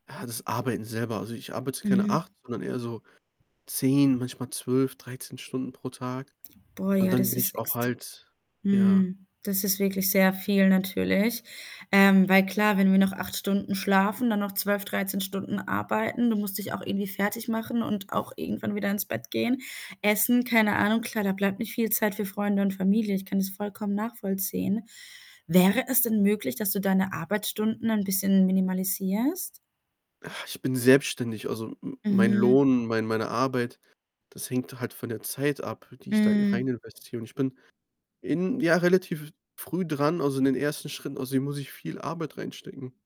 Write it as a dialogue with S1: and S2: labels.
S1: Ah, das Arbeiten selber. Also, ich arbeite keine
S2: Mhm.
S1: 8, sondern eher so 10, manchmal 12, 13 Stunden pro Tag
S2: Boah,
S1: und
S2: ja,
S1: dann
S2: das
S1: bin ich
S2: ist
S1: auch
S2: extr
S1: halt ja.
S2: mhm. Das ist wirklich sehr viel, natürlich. Ähm, weil klar, wenn wir noch 8 Stunden schlafen, dann noch 12, 13 Stunden arbeiten, du musst dich auch irgendwie fertigmachen und auch irgendwann wieder ins Bett gehen, essen, keine Ahnung. Klar, da bleibt nicht viel Zeit für Freunde und Familie, ich kann das vollkommen nachvollziehen. Wäre es denn möglich, dass du deine Arbeitsstunden ein bisschen minimalisierst?
S1: Ach, ich bin selbstständig. Also, me mein
S2: Mhm.
S1: Lohn, mein meine Arbeit, das hängt halt von der Zeit ab, die ich da e
S2: Hm.
S1: reininvestiere, und ich bin in ja, relativ f früh dran, also in den ersten Schritten, außerdem muss ich viel Arbeit reinstecken.